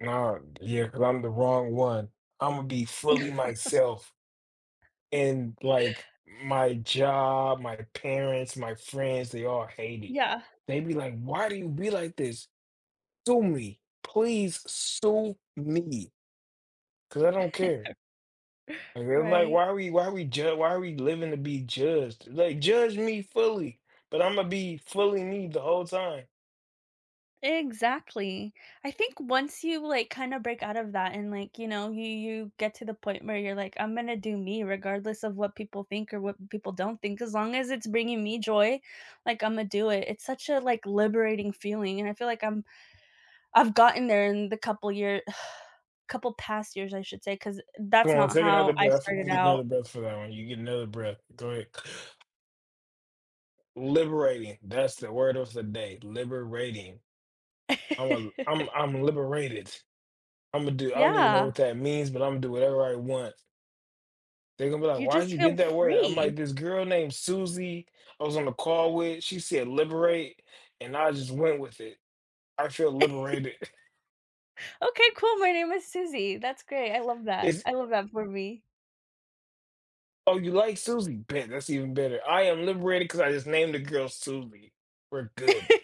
Naw, yeah, 'cause I'm the wrong one. Imma be fully myself. And like, my job, my parents, my friends, they all hate it. Yeah. They'd be like, "Why do you be like this?" "Sue me, please sue me 'Cause I don't care." And they're like, Right. "Why are we why are we ju why are we living to be judged?" Like, judge me fully, but I'm gonna be fully me the whole time. Exactly, I think once you like kinda break out of that and like, you know, you you get to the point where you're like, I'm gonna do me regardless of what people think or what people don't think, as long as it's bringing me joy, like Imma do it. It's such a like liberating feeling and I feel like I'm I've gotten there in the couple year couple past years, I should say, 'cause Go that's on, not take another how I breath, you started can get another out. breath for that one, you get another breath, go ahead. Liberating, that's the word of the day, liberating. Oh I'll I'm, I'm, I'm liberated. Imma do, I don't even know Yeah. what that means, but Imma do whatever I want. They gone be like, You "Why did just you get feel that word?" I'm free. like, "This girl named Suzie, I was on the call with, she said liberate, and I just went with it. I feel liberated." Okay, cool, my name is Susie, that's great, I love that. Is I love that for me. Oh, you like Suzie, bet that's even better. I am liberated 'cause I just named the girl Suzie. We're good.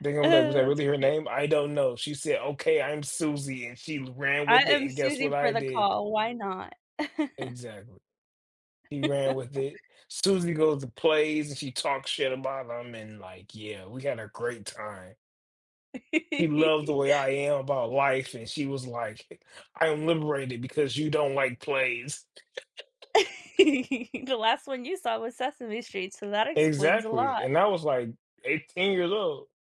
They gonna be like, "Was Oh, that that's really her great. name?" "I don't know. She said, 'Okay, I'm Suzie', and she ran I with it, am and guess what Susie for I the did?" call, why not? Exactly. He ran with it. Susie goes to plays and she talks shit about them and like, yeah, we had a great time. She loved the way I am about life and she was like, "I'm liberated because you don't like plays." The last one you saw was Sesame Street, so that explains a Exactly, lot. and I was like 18 years old.